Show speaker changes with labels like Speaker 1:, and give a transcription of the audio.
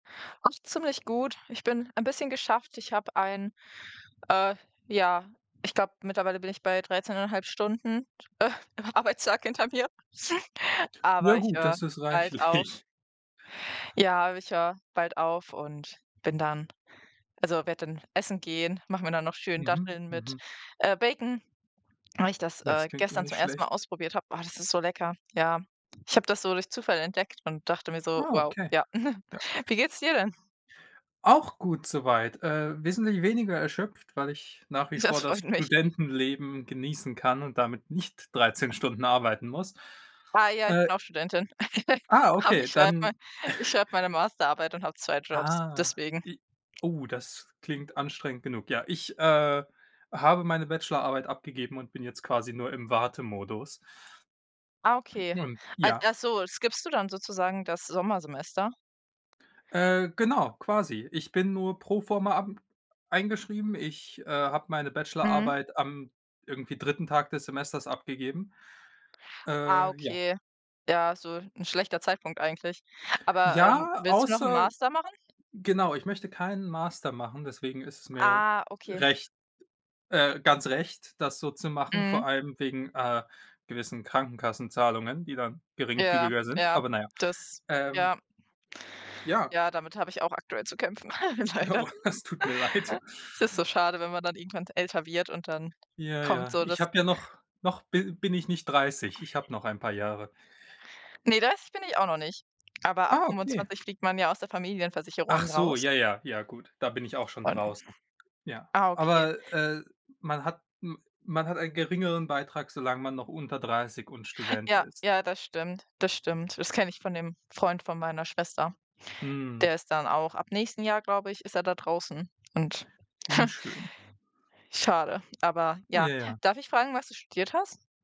Speaker 1: Ach, ziemlich gut. Ich bin ein bisschen geschafft. Ich habe ein äh, ja, ich glaube, mittlerweile bin ich bei 13 1/2 Stunden, Arbeitstag hinter mir,
Speaker 2: Ja
Speaker 1: aber ich
Speaker 2: gut,
Speaker 1: höre
Speaker 2: das ist
Speaker 1: bald auf.
Speaker 2: reichlich.
Speaker 1: Ja, aber ich höre bald auf und bin dann also, werde dann essen gehen, mache mir dann noch schön
Speaker 2: Mhm.
Speaker 1: Datteln mit,
Speaker 2: Mhm.
Speaker 1: äh, Bacon, weil ich das,
Speaker 2: Das
Speaker 1: äh,
Speaker 2: klingt doch
Speaker 1: gestern
Speaker 2: nicht
Speaker 1: zum 1. Mal
Speaker 2: schlecht.
Speaker 1: ausprobiert habe. Oh, das ist so lecker, ja. Ich habe das so durch Zufall entdeckt und dachte mir so:
Speaker 2: Ah,
Speaker 1: „Wow,
Speaker 2: okay.
Speaker 1: ja.“
Speaker 2: Ja.
Speaker 1: Wie geht's dir denn?
Speaker 2: Auch gut soweit. Äh, wesentlich weniger erschöpft, weil ich nach wie vor
Speaker 1: Das
Speaker 2: das
Speaker 1: freut mich.
Speaker 2: Studentenleben genießen kann und damit nicht 13 Stunden arbeiten muss.
Speaker 1: Ah ja, ich
Speaker 2: Äh
Speaker 1: bin auch Studentin.
Speaker 2: Ah,
Speaker 1: Aber
Speaker 2: okay,
Speaker 1: ich schreibe mei
Speaker 2: dann
Speaker 1: ich schreibe meine Masterarbeit und habe 2 Jobs,
Speaker 2: Ah,
Speaker 1: deswegen.
Speaker 2: i oh, das klingt anstrengend genug. Ja, ich, äh, habe meine Bachelorarbeit abgegeben und bin jetzt quasi nur im Wartemodus.
Speaker 1: Ah, okay,
Speaker 2: Und
Speaker 1: al
Speaker 2: ja.
Speaker 1: ach so, skippst du dann sozusagen das Sommersemester?
Speaker 2: Äh, genau, quasi. Ich bin nur pro forma ab eingeschrieben. Ich, äh, habe meine
Speaker 1: Mhm.
Speaker 2: Bachelorarbeit am irgendwie 3. Tag des Semesters abgegeben.
Speaker 1: Ah,
Speaker 2: Äh, ja.
Speaker 1: okay, ja, so 'n schlechter Zeitpunkt eigentlich, aber, ähm,
Speaker 2: Ja,
Speaker 1: willst du noch 'n
Speaker 2: außer
Speaker 1: Master machen?
Speaker 2: genau, ich möchte keinen Master machen, deswegen ist es mir
Speaker 1: Ah, okay.
Speaker 2: recht äh, ganz recht, das so zu machen,
Speaker 1: Mhm.
Speaker 2: vor allem wegen, äh, gewissen Krankenkassenzahlungen, die dann
Speaker 1: Ja,
Speaker 2: geringfügiger sind,
Speaker 1: ja,
Speaker 2: aber na ja.
Speaker 1: das
Speaker 2: Ähm.
Speaker 1: ja.
Speaker 2: Ja.
Speaker 1: Ja, damit habe ich auch aktuell zu kämpfen, leider.
Speaker 2: Oh, das tut mir leid.
Speaker 1: Es ist so schade, wenn man dann irgendwann älter wird und dann
Speaker 2: Ja,
Speaker 1: kommt
Speaker 2: ja.
Speaker 1: so
Speaker 2: Ich
Speaker 1: das
Speaker 2: habe ja noch noch bi bin ich nicht 30. Ich habe noch ein paar Jahre.
Speaker 1: Ne, das bin ich auch noch nicht, aber ab
Speaker 2: Ah, okay.
Speaker 1: 25 fliegt man ja aus der
Speaker 2: Ach
Speaker 1: Familienversicherung
Speaker 2: so,
Speaker 1: raus.
Speaker 2: ja, ja, ja, gut. Da bin ich auch schon
Speaker 1: Und
Speaker 2: draußen. Ja,
Speaker 1: Ah, okay.
Speaker 2: aber, äh, man hat m man hat einen geringeren Beitrag, solange man noch unter 30 und Student
Speaker 1: Ja,
Speaker 2: ist.
Speaker 1: ja, das stimmt, das stimmt. Das kenne ich von dem Freund von meiner Schwester.
Speaker 2: Mhm.
Speaker 1: Der ist dann auch ab nächstem Jahr, glaube ich, ist er da draußen und
Speaker 2: Unschön.
Speaker 1: schade, aber ja.
Speaker 2: Ja, ja.
Speaker 1: Darf ich fragen, was du studiert hast?